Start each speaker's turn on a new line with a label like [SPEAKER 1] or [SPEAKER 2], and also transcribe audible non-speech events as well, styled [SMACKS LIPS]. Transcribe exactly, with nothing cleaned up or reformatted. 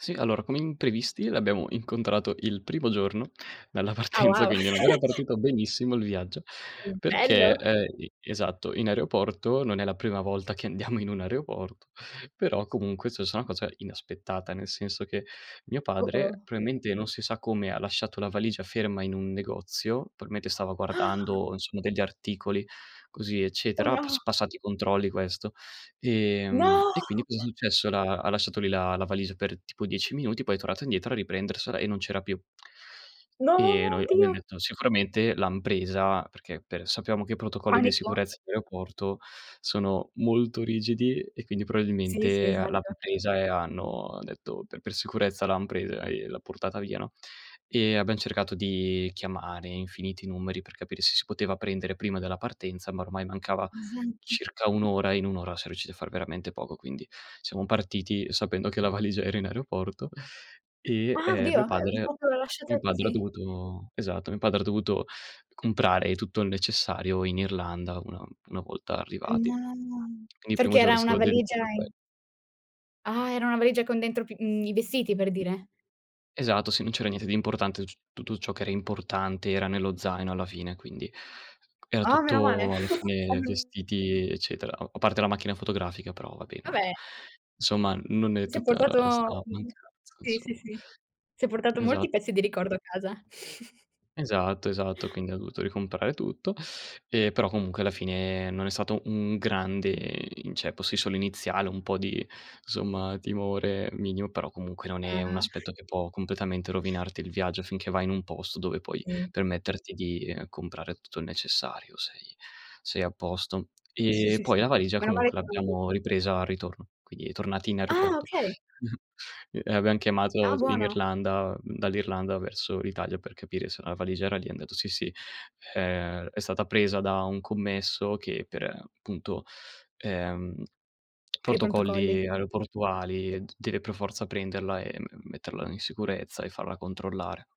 [SPEAKER 1] Sì, allora come imprevisti l'abbiamo incontrato il primo giorno dalla
[SPEAKER 2] Ah
[SPEAKER 1] partenza,
[SPEAKER 2] wow.
[SPEAKER 1] quindi non era
[SPEAKER 2] [CHUCKLES]
[SPEAKER 1] partito benissimo il viaggio.
[SPEAKER 2] Mh,
[SPEAKER 1] Perché,
[SPEAKER 2] bello.
[SPEAKER 1] ehm, e esatto, in aeroporto, non è la prima volta che andiamo in un aeroporto, però comunque è sussa una cosa inaspettata. Nel senso che mio padre
[SPEAKER 2] Oh-oh.
[SPEAKER 1] proailmente, non si sa come, ha lasciato la valigia ferma in un negozio, p mentre stava guardando insomma degli articoli così
[SPEAKER 2] Oh,
[SPEAKER 1] eccetera, ha
[SPEAKER 2] no.
[SPEAKER 1] pass passato i controlli questo. Ehm,
[SPEAKER 2] No!
[SPEAKER 1] e quindi cosa è successo: l'ha ha lasciato lì la la valigia per tipo dieci minuti, poi è tornato indietro a riprendersela e non c'era più.
[SPEAKER 2] No,
[SPEAKER 1] E noi abbiam
[SPEAKER 2] oddio!
[SPEAKER 1] detto sicuramente l'han presa, perché per sappiamo che i protocolli di
[SPEAKER 2] Panico?
[SPEAKER 1] sicurezza in aeroporto sono molto rigidi e quindi
[SPEAKER 2] Sì, sì,
[SPEAKER 1] proailmente, ehm, l'han
[SPEAKER 2] esatto.
[SPEAKER 1] presa e hanno detto per per sicurezza l'han presa e l'ha portata via, no. Ehm, abbiam cercato di chiamare infiniti numeri per capire se si poteva prendere prima della partenza, ma ormai mancava
[SPEAKER 2] Esatto.
[SPEAKER 1] circa un ora e in un ora siam riusciti a far veramente poco. Quindi siamo partiti sapendo che la valigia era in aeroporto e,
[SPEAKER 2] Ah
[SPEAKER 1] ehm,
[SPEAKER 2] oddio,
[SPEAKER 1] mio
[SPEAKER 2] ehm,
[SPEAKER 1] padre
[SPEAKER 2] propio lasciata
[SPEAKER 1] mio padre ha
[SPEAKER 2] così?
[SPEAKER 1] dovuto esatto, mio padre ha dovuto comprare tutto il necessario in Irlanda una una volta
[SPEAKER 2] Eh,
[SPEAKER 1] arrivati.
[SPEAKER 2] no, no.
[SPEAKER 1] Quindi il primo
[SPEAKER 2] Perché
[SPEAKER 1] giorno è
[SPEAKER 2] era una
[SPEAKER 1] stato
[SPEAKER 2] valigia
[SPEAKER 1] dedicato a que
[SPEAKER 2] in Ah, era una valigia con dentro p mhmm, i vestiti per dire?
[SPEAKER 1] Esatto, sì, non c'era niente di importante, tuc tutto ciò che era importante era nello zaino, alla fine, quindi era
[SPEAKER 2] Ah meno male
[SPEAKER 1] tutto alla
[SPEAKER 2] [CHUCKLES]
[SPEAKER 1] fine
[SPEAKER 2] [UNINTELLIGIBLE]
[SPEAKER 1] vestiti e eccetera. A a parte la macchina fotografica però vabbè non era
[SPEAKER 2] vabè.
[SPEAKER 1] insomma non è
[SPEAKER 2] Si è
[SPEAKER 1] tutta
[SPEAKER 2] portato
[SPEAKER 1] sta
[SPEAKER 2] mh-mh.
[SPEAKER 1] mancanza,
[SPEAKER 2] Sì, sì,
[SPEAKER 1] insom
[SPEAKER 2] sì. Si è portato molti
[SPEAKER 1] Esatto.
[SPEAKER 2] pezzi di ricordo a casa. [SNORTS]
[SPEAKER 1] Esatto, esatto, quindi ha dovuto ricomprare tutto; ehm, però comunque alla fine non è stato un grande inceppo, sì solo iniziale, un po' di, insomma, timore minimo, però comunque non è un
[SPEAKER 2] Mamma.
[SPEAKER 1] aspetto che può completamente rovinarti il viaggio finché vai in un posto dove puoi
[SPEAKER 2] Sì.
[SPEAKER 1] permetterti di, ehm, comprare tutto il necessario, sei sei a posto.
[SPEAKER 2] Sì,
[SPEAKER 1] E
[SPEAKER 2] sì,
[SPEAKER 1] poi
[SPEAKER 2] sì.
[SPEAKER 1] la valigia
[SPEAKER 2] Meno male
[SPEAKER 1] comunque
[SPEAKER 2] che eran du
[SPEAKER 1] l'abbiamo ripresa al ritorno, quindi tornati in
[SPEAKER 2] Ah,
[SPEAKER 1] aeroporto.
[SPEAKER 2] okay.
[SPEAKER 1] [CHUCKLES] E e abbiam chiamato
[SPEAKER 2] Ah,
[SPEAKER 1] in
[SPEAKER 2] buono.
[SPEAKER 1] Irlanda mhmm, dall'Irlanda verso l'Italia per capire se la valigia era lì, han detto: "Sì, sì. È è stata presa da un commesso che per, ehm, appunto, ehm, [SMACKS LIPS]
[SPEAKER 2] Per i prontocolli.
[SPEAKER 1] protocolli aeroportuali d deve per forza prenderla e me metterla in sicurezza e farla controllare."